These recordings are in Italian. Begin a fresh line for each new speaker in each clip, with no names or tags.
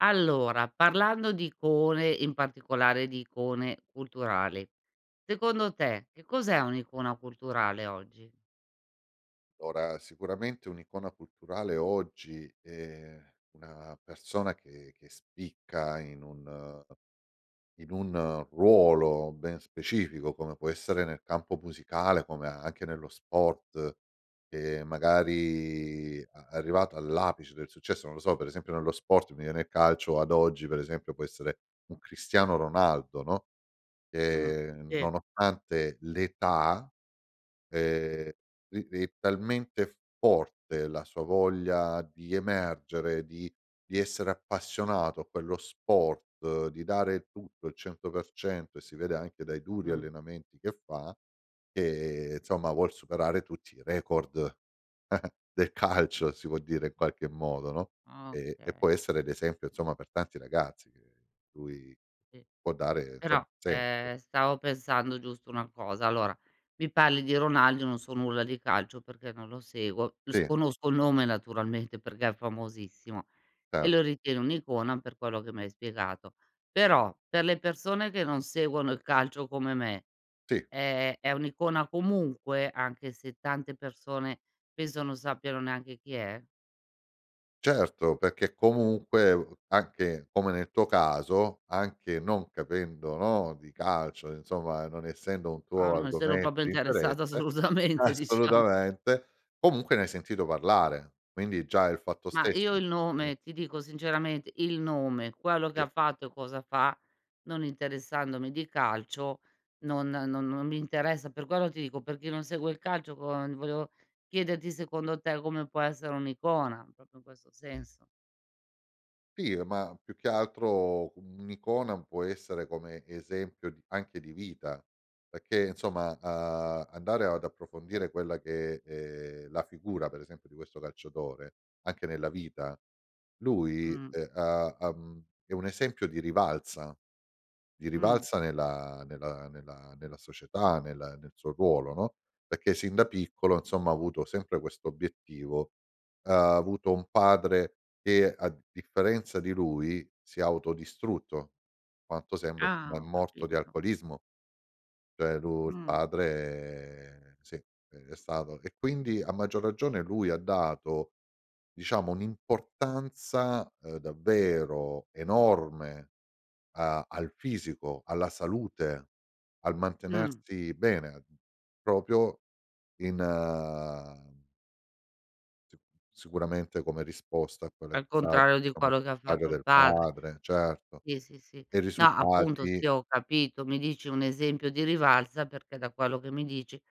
Allora, parlando di icone, in particolare di icone culturali, secondo te che cos'è un'icona culturale oggi?
Allora, sicuramente un'icona culturale oggi è una persona che che spicca in un in un ruolo ben specifico come può essere nel campo musicale, come anche nello sport, ehm, magari a arrivato all'apice del successo, non lo so, per esempio nello sport, mi viene il calcio ad oggi, per esempio, può essere un Cristiano Ronaldo, no,
Mh,
ehm,
sì.
nonostante l'età, ehm, ri ri è talmente forte la sua voglia di emergere, di di essere appassionato a quello sport, di dare tutto, il 100%, e si vede anche dai duri
Mh.
allenamenti che fa, che, insomma, vuol superare tutti i record del calcio si può dire in qualche modo, no? E e
Okay.
può essere d'esempio, insomma, per tanti ragazzi che lui
Sì
può dare insomma
però,
sen [unintelligible]
ehm, stavo pensando giusto una cosa. Allora mi parli di Ronaldo, non so nulla di calcio perché non lo seguo, s
Sì.
conosco il nome naturalmente perché è famosissimo, e
Cer
lo ritieni un'icona per quello che mi hai spiegato. Però per le persone che non seguono il calcio come me,
Sì.
ehm, è un'icona comunque anche se tante persone penso non sappiano neanche chi è?
Certo, perché comunque, uhm, anche come nel tuo caso, anche non capendo, no, di calcio, insomma, non essendo un
Ah
tuo
no, e se ero un po'
argomento
più
di
interessata,
interesse
assolutamente, diciamo.
assolutamente, comunque ne hai sentito parlare quindi già il fatto
Mah,
stesso
io il
[unintelligible]
nome ti dico sinceramente, il nome, quello che
Sì.
ha fatto e cosa fa, non interessandomi di calcio, non no non mi interessa, per quello ti dico perché chi non segue il calcio con volevo chiederti secondo te come può essere un'icona, proprio in questo senso.
Sì, ma più che altro, un'icona può essere come esempio di anche di vita, perché insomma, uhm, andare ad approfondire quella che è la figura, per esempio, di questo calciatore, anche nella vita, lui,
Mh.
ehm, ha ha mhmm, è un esempio di rivalsa, di
Mh.
rivalsa nella nella nella nella società, nella nel suo ruolo, no, perché sin da piccolo, insomma, ha avuto sempre questo obiettivo. Uhm, ha avuto un padre che a differenza di lui, si è autodistrutto, quanto sembra ma è
Ah, ho
morto di
capito.
alcolismo. Cioè lu il
Mh.
padre, sì, ehm, è stato e quindi, a maggior ragione, lui ha dato diciamo un'importanza, uhm, davvero enorme a al fisico, alla salute, al
Mh.
mantenersi bene proprio in s sicuramente come risposta a quella che
Al contrario di
[unintelligible]
quello che ha
padre
fatto il
del
padre,
padre certo.
sì, sì, sì.
E i
No, appunto,
risultati
sì ho capito mi dici un esempio di rivalsa perché, da quello che mi dici,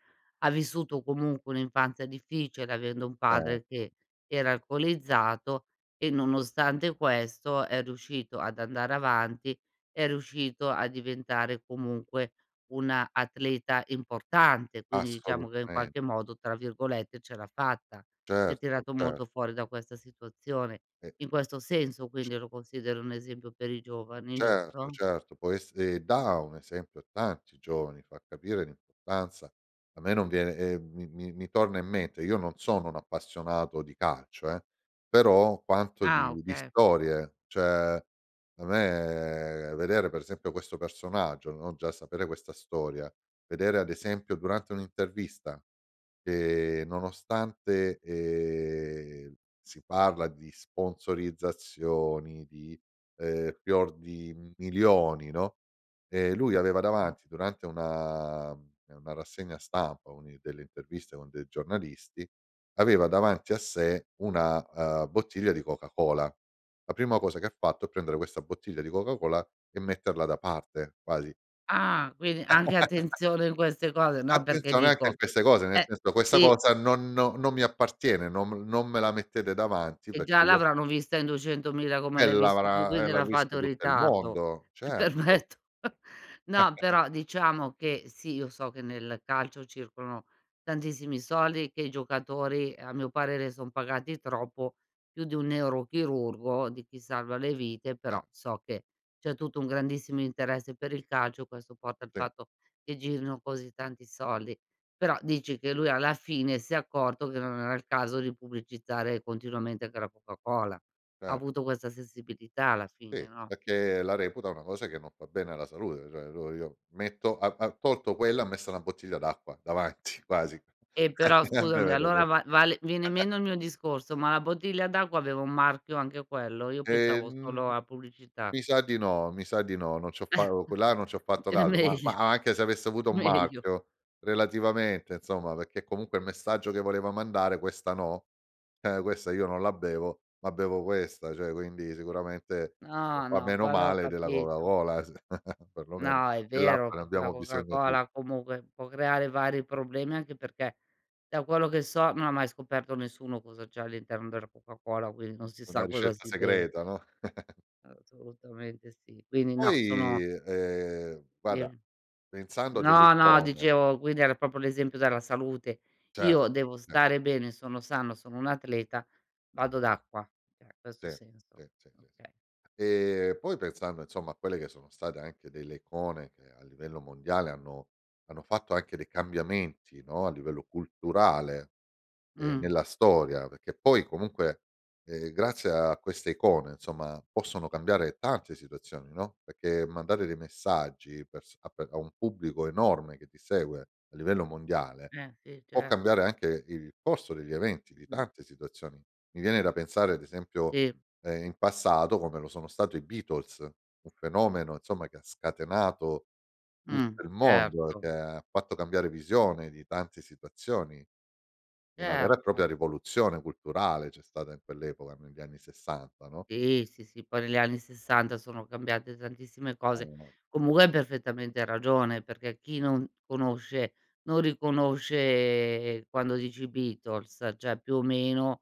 ha vissuto comunque un'infanzia difficile, avendo un padre
Certo.
che era alcolizzato e nonostante questo è riuscito ad andare avanti, è riuscito a diventare comunque una atleta importante, quindi diciamo che in
Assolutame
qualche modo, tra virgolette, "ce l'ha fatta". Si è
Certo,
tirato
ce
molto fuori da questa situazione.
E e
In
e
questo senso
c
quindi lo considero un esempio per i giovani,
Certo,
giusto?
certo, poi se da un esempio a tanti giovani, fa capire l'importanza. A me non viene ehm, mi mi mi torna in mente io non sono un appassionato di calcio, eh, però quanto
Ah,
di di
okay.
storie, cioè, a me vedere per esempio questo personaggio no, già sapere questa storia, vedere ad esempio durante un'intervista, ehm, nonostante, ehm, si parla di sponsorizzazioni, di, ehm, fior di milioni, no, ehm, lui aveva
Mh.
davanti durante una ehm, una rassegna stampa, a una delle interviste con dei giornalisti, aveva davanti a sé una, uhm, bottiglia di Coca-Cola. La prima cosa che fatto è prendere questa bottiglia di Coca-Cola e metterla da parte quasi.
Ah, quindi anche attenzione in queste cose, no, perché
Attenzione anche
dico
in queste cose, nel
eh,
senso: "Questa
sì.
cosa non no non mi appartiene non m non me la mettete davanti
E già
perché io"
l'avranno vista in 200000 come
Eh,
l'hai visto tu
l'avrà eh,
quindi
l'ha
l'ha fatto
visto
in
tutto il
ritardo.
mondo,
Mi
certo.
permetto No, però diciamo che, sì, io so che nel calcio circolano tantissimi soldi, che i giocatori, a mio parere, son pagati troppo più di un neurochirurgo, di chi salva le vite però
[unintelligible]
so che c'è tutto un grandissimo interesse per il calcio, questo porta il
Sì.
fatto che girino così tanti soldi. Però dici che lui alla fine si è accorto che non era il caso di pubblicizzare continuamente anche la Coca-Cola, ha
Cer
avuto questa sensibilità alla fine,
Sì,
no?
perché la reputa una cosa che non fa bene alla salute, cioè, allora io metto ha ha tolto quella, ha messo una bottiglia d'acqua davanti quasi.
E però scusami allora va vale viene meno il mio discorso, ma la bottiglia d'acqua aveva un marchio anche quello? Io pensavo
Ehm,
solo a pubblicità.
mi sa di no, mi sa di no, non c'ho fa o co là non c'ho fatto
È
caso, ma ma
meglio,
a anche se avesse avuto un
meglio.
marchio relativamente insomma, perché comunque il messaggio che voleva mandare: "Questa no, ehm, questa io non la bevo, ma bevo questa." Cioè quindi sicuramente, ehm,
No,
fa
no,
meno
quello ho
male della
capito.
Coca-Cola s per lo meno.
No, è vero
Dell'acqua ne
perché la
abbiamo bisogno tu
Coca-Cola comunque può creare vari problemi anche perché, da quello che so non ha mai scoperto nessuno cosa c'è all'interno della Coca-Cola, quindi non si
Una
sa cosa
ricetta
si beve.
segreta, no?
Assolutamente sì, quindi no, sono
Poi, ehm,
Di
guarda pensando a delle
no, no
icone
dicevo, quindi era proprio l'esempio della salute,
Ce
io devo
ce
stare bene, sono sano, sono un'atleta, vado ad acqua, eh, questo
Sì,
ha
sì,
senso,
sì, sì, sì,
okay.
ehm, poi pensando, insomma, a quelle che sono state anche delle icone che a livello mondiale hanno hanno fatto anche dei cambiamenti, no, a livello culturale, ehm,
Mh.
nella storia perché poi comunque, ehm, grazie a queste icone insomma possono cambiare tante situazioni no, perché mandare dei messaggi per s a pe a un pubblico enorme che ti segue a livello mondiale
Eh, sì,
può
certo.
cambiare anche il corso degli eventi di
Mh-mh.
tante situazioni. Mi viene da pensare, ad esempio,
Sì.
ehm, in passato come lo sono stato i Beatles, un fenomeno, insomma, che ha scatenato
Mh,
tutto il mondo, che
certo.
ha fatto cambiare visione di tante situazioni. Una vera e
Certo.
propria rivoluzione culturale c'è stata in quell'epoca negli anni 60, no?
Sì, sì, sì poi negli anni 60 sono cambiate tantissime cose.
[unintelligible]
Comunque hai perfettamente ragione perché chi non conosce, non riconosce, quando dici: "I Beatles" cioè più o meno,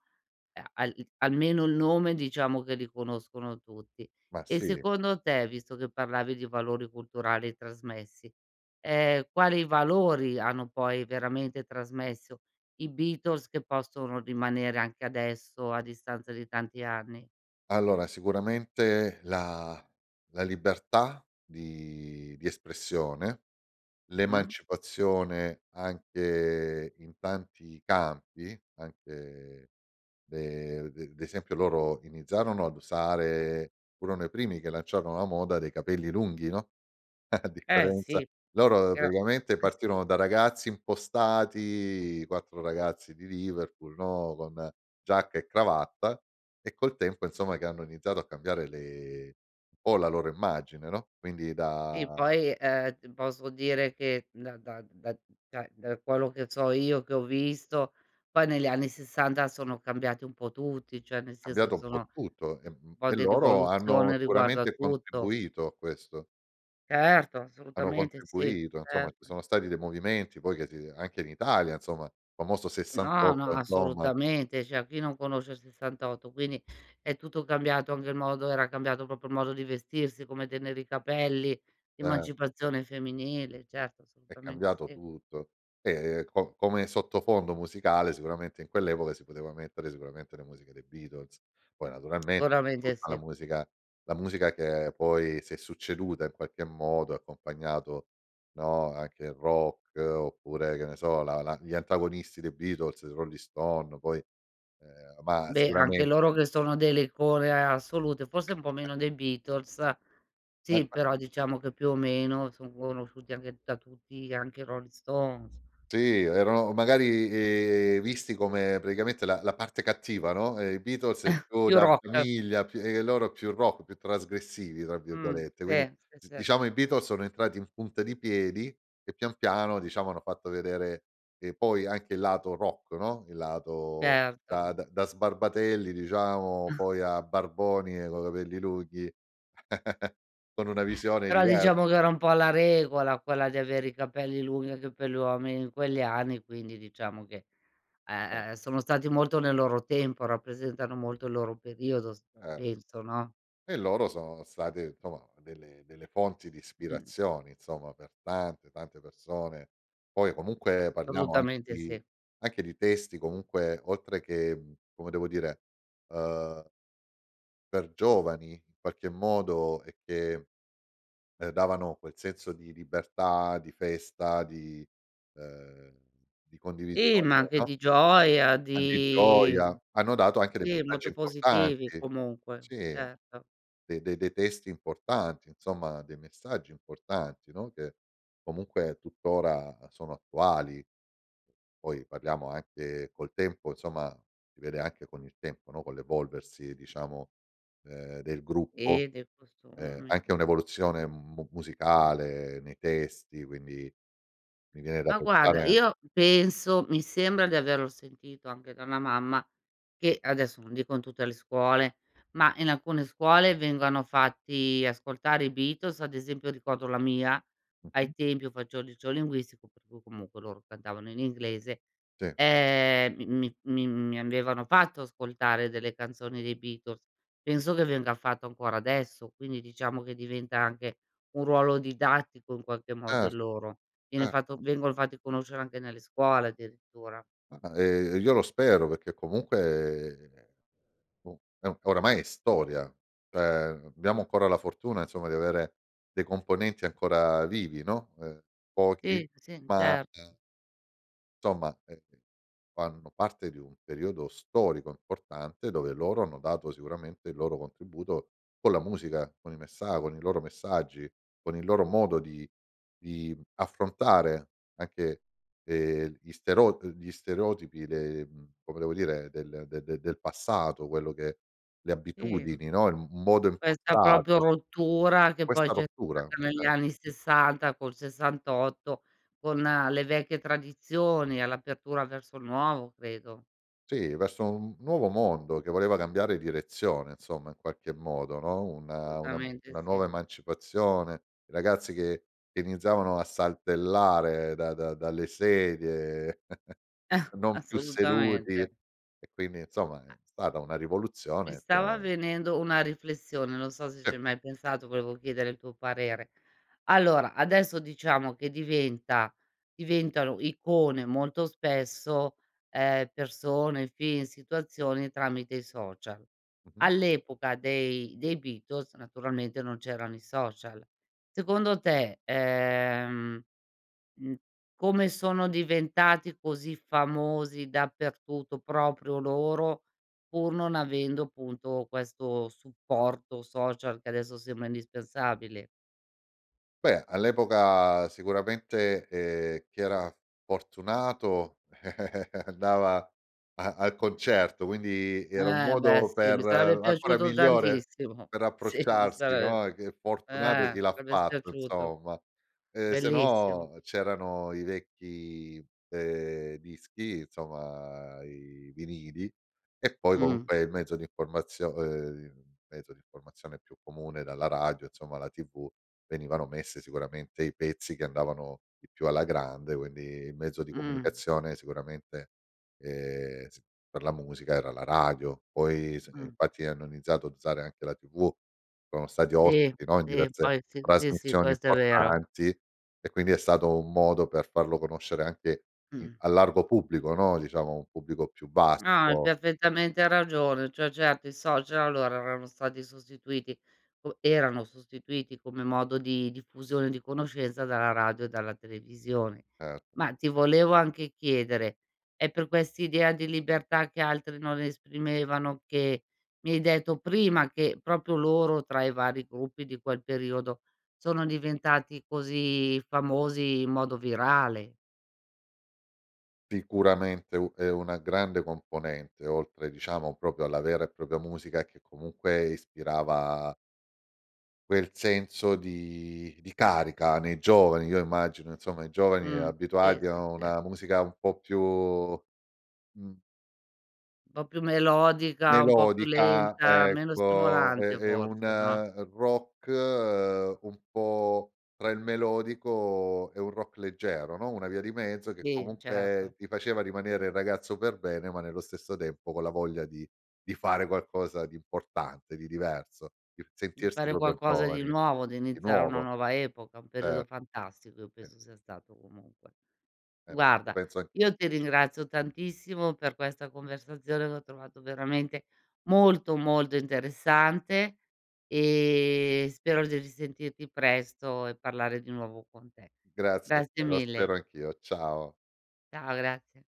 ehm, al almeno il nome diciamo che li conoscono tutti.
Ma
E
sì.
secondo te, visto che parlavi di valori culturali trasmessi, ehm, quali valori hanno poi veramente trasmesso i Beatles che possono rimanere anche adesso a distanza di tanti anni?
Allora sicuramente la la libertà di di espressione,
Mh.
l'emancipazione anche in tanti campi, anche le de d'esempio loro iniziarono ad usare furono i primi che lanciarono la moda dei capelli lunghi, no, a
Eh
differenza
sì.
loro
Era
praticamente partirono da ragazzi impostati, 4 ragazzi di Liverpool no, con giacca e cravatta e col tempo insomma che hanno iniziato a cambiare le un po' la loro immagine no, quindi
Sì
da
poi, ehm, t posso dire che da da da d da da quello che so io, che ho visto, poi negli anni 60 sono cambiati un po' tutti, cioè nel senso
Cambiato
che
un po'
sono
tutto, e
un
mhmm,
po'
e
di
loro hanno
rivoluzione riguardo a
sicuramente
tutto.
contribuito a questo
Certo
hanno
assolutamente sì,
contribuito, insomma, ci
certo.
sono stati dei movimenti poi che ti anche in Italia, insomma, il famoso
No, no
68 [unintelligible]
assolutamente cioè chi non conosce il 68 quindi è tutto cambiato, anche il modo era cambiato proprio il modo di vestirsi, come tenere i capelli,
Cer
emancipazione femminile, certo
È
assolutamente
cambiato
sì.
tutto e com come sottofondo musicale sicuramente in quell'epoca si poteva mettere sicuramente la musica del Beatles, poi naturalmente
Sicuramente
tutta la
sì.
musica la musica che poi si è succeduta in qualche modo ha accompagnato no, anche il rock oppure che ne so, la la gli antagonisti dei Beatles, il Rolling Stone, poi, ehm, ma
Beh, anche loro
sicuramente
che sono delle icone a ehm, assolute, forse un po' meno dei Beatles, sì però
[unintelligible]
diciamo che più o meno son conosciuti anche da tutti anche i Rolling Stones.
Sì, erano magari, ehm, visti come praticamente la la parte cattiva, no, ehm, i Beatles è più
Più
da
rock.
famiglia più e e loro più rock, più "trasgressivi", tra
Mh,
virgolette, quindi,
sì, sì,
z
sì.
diciamo, i Beatles sono entrati in punta di piedi e pian piano, diciamo, hanno fatto vedere, ehm, poi anche il lato rock, no, il lato da
Certo.
da da sbarbatelli diciamo poi a barboni, coi capelli lunghi, con una visione
Però
diver
diciamo che era un po' la regola quella di avere i capelli lunghi anche per gli uomini in quegli anni, quindi diciamo che, ehm,
Oka
sono stati molto nel loro tempo, rappresentano molto il loro periodo s
Certo.
penso, no?
E loro sono state, insomma, delle delle fonti di
Mh.
ispirazione, insomma, per tante, tante persone, poi comunque parliamo anche
Assolutamente
di
sì.
anche di testi, comunque oltre che, mhmm, come devo dire, uhm per giovani, in qualche modo e che, ehm, davano quel senso di libertà, di festa, di ehm, di
Sì,
condivisione,
ma anche
no?
di gioia,
A di
di
gioia, hanno dato anche dei
sì
messaggi
molto positivi
importanti,
comunque,
sì
certo.
de de dei testi importanti insomma, dei messaggi importanti, no, che comunque tuttora sono attuali, poi parliamo anche col tempo insomma, si vede anche con il tempo no, con l'evolversi diciamo, ehm, del gruppo,
Eh, dei
ehm,
costumi.
anche
Mh.
un'evoluzione mu
Mh-mh.
musicale nei testi quindi mi viene da
Ma guarda,
pensare
io penso, mi sembra di averlo sentito anche da una mamma che, adesso non dico in tutte le scuole, ma in alcune scuole vengano fatti ascoltare i Beatles, ad esempio ricordo la mia,
Mh-mh.
ai tempi io faccio linguistico per cui comunque loro cantavano in inglese,
Sì.
ehm, mi mi mi mi avevano fatto ascoltare delle canzoni dei Beatles. Penso che venga fatto ancora adesso quindi diciamo che diventa anche un ruolo didattico in qualche modo,
Cer
il loro. Viene fatto
certo.
vengono fatti conoscere anche nelle scuole, addirittura.
Ah, ehm, e io lo spero perché comunque, o è o e oramai è storia, cioè abbiamo ancora la fortuna, insomma, di avere dei componenti ancora vivi no, uhm, pochi
Sì, sì,
ma,
incer
uhm somma, ehm, fanno parte di un periodo storico importante, dove loro hanno dato sicuramente il loro contributo con la musica, con i messa con i loro messaggi, con il loro modo di di affrontare anche, ehm, gli stero uhm, gli stereotipi le mhmm, come devo dire, del de de del passato, quello che le
Sì,
abitudini no, il m modo
questa proprio
impostato.
rottura che poi
Questa
c'è
rottura,
stata negli
ce
anni 60 col 68 con le vecchie tradizioni all'apertura verso il nuovo, credo.
Sì, verso un n nuovo mondo che voleva cambiare direzione, insomma, in qualche modo, no, una una
Assolutamente
una
sì.
nuova emancipazione, i ragazzi che iniziavano a saltellare da da dalle sedie non più seduti.
Assolutamente.
E quindi, insomma, è stata una
Mi
rivoluzione che
stava venendo una riflessione. Non so se
SI.
ci hai mai pensato, volevo chiedere il tuo parere. Allora adesso diciamo che diventa diventano icone molto spesso, ehm, persone, film, situazioni tramite i social.
Mh-mh.
All'epoca dei dei Beatles naturalmente non c'erano i social. Secondo te, ehm, mhmm, come sono diventati così famosi dappertutto proprio loro, pur non avendo, punto, questo supporto social che adesso sembra indispensabile?
Beh, all'epoca sicuramente, ehm, chi era f fortunato andava a al concerto quindi era un
E beh,
modo
sì
per
mi sarebbe
ancora
piaciuto
migliore
tantissimo.
per
Sì mi
approcciarsi
sare
no, che fortunato chi
eh,
l'ha
sarebbe s
fatto
piaciuto,
insomma, ehm, se
bellissimo.
no c'erano i vecchi, ehm, dischi insomma, i vinili e poi
Mh.
comunque il mezzo di informazio ehm, mezzo di informazione più comune, era la radio insomma, la TV, venivano messe sicuramente i pezzi che andavano di più alla grande quindi il mezzo di
Mh.
comunicazione sicuramente, ehm, s per la musica era la radio poi se
Mh.
infatti hanno iniziato ad usare anche la TV, sono stati
Si,
ospiti, no, in
sì,
diverse
poi sì, sì, sì,
trasmissioni
questo è vero.
importanti e quindi è stato un modo per farlo conoscere anche, mhmm,
Mh-mh.
al largo pubblico no, diciamo un pubblico più
No, hai
vasto.
perfettamente ragione. Cioè, certo i social allora erano stati sostituiti, u erano sostituiti come modo di diffusione, di conoscenza dalla radio, dalla televisione.
Ert
Ma ti volevo anche chiedere, è per quest'idea di libertà che altri non esprimevano, che mi hai detto prima che, proprio loro tra i vari gruppi di quel periodo, sono diventati così famosi in modo virale?
Sicuramente u è una grande componente oltre, diciamo, proprio alla vera e propria musica che comunque ispirava quel senso di di carica nei giovani, io immagino, insomma, i giovani
Mh, sì,
abituati
sì,
a
sì.
una musica un po' più, mhmm
Un po' più melodica, un po' più
Melodica,
lenta, meno
ecco, è
stimolante
è un
forse, no?
rock un po' tra il melodico e un rock leggero no, una via di mezzo che
Sì,
comunque
certo.
ti faceva rimanere il ragazzo per bene, ma nello stesso tempo con la voglia di di fare qualcosa di importante, di diverso, il
Di
sentirsi
fare
proprio
qualcosa di
giovani,
nuovo, di
di
iniziare una
nuovo.
nuova epoca, un
Cer
periodo fantastico io
Sì.
penso sia stato comunque.
Certo, lo
Guarda
penso anch'io.
io ti ringrazio tantissimo per questa conversazione che ho trovato veramente molto, molto interessante e spero di risentirti presto e parlare di nuovo con te.
Grazie a
Grazie
te, lo
mille.
spero anch'io, ciao.
Ciao, grazie.